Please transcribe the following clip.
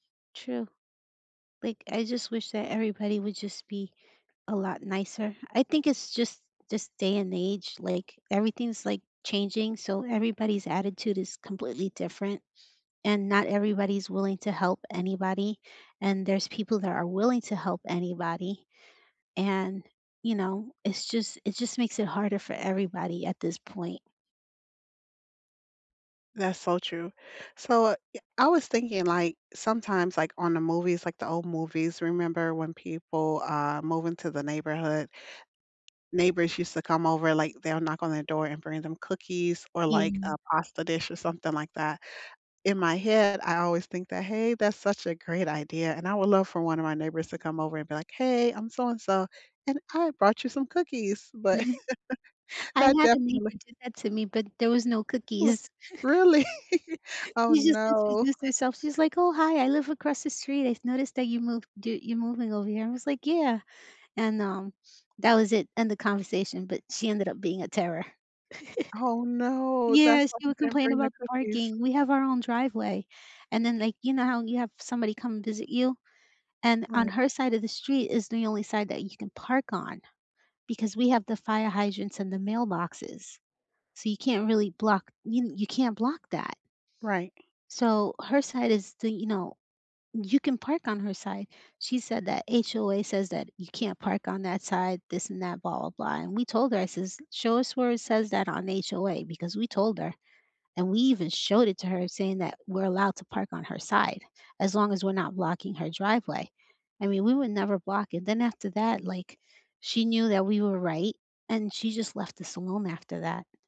True. Like, I just wish that everybody would just be a lot nicer. I think it's just just day and age, like, everything's, like, changing, so everybody's attitude is completely different, and not everybody's willing to help anybody and there's people that are willing to help anybody, and, you know, it's just it just makes it harder for everybody at this point. That's so true. So, I yeah, I was thinking, like, sometimes, like, on the movies, like the old movies, remember when people, uh, move into the neighborhood, neighbors used to come over, like, they'll knock on their door and bring them cookies or like Yeah. a pasta dish or something like that. In my head, I always think that, "Hey, that's such a great idea," and I would love for one of my neighbors to come over and be like, "Hey, I'm so and so and I brought you some cookies." But, I that had a neighbor definitely do that to me, but there was no Li cookies. Really? Oh She just no. introduced herself, she's like, "Oh, hi, I live across the street, I've noticed that you move d you're moving over here." I was like, "Yeah," and, um, that was it, end of conversation, but she ended up being a terror. Oh, no. That's Yes, why she she would didn't complain bring the about cookies. parking. We have our own driveway, and then, like, you know how you have somebody come visit you? And on Right. her side of the street is the only side that you can park on because we have the fire hydrants and the mailboxes, so, you can't really block you n you can't block that. Right. So, her side is the, you know you can park on her side. She said that HOA says that, "You can't park on that side, this and that, blah blah blah." And we told her, I says, "Show us where it says that on HOA," because we told her, and we even showed it to her saying that we're allowed to park on her side as long as we're not blocking her driveway. I mean, we would never block it. Then after that, like, she knew that we were right and she just left us alone after that.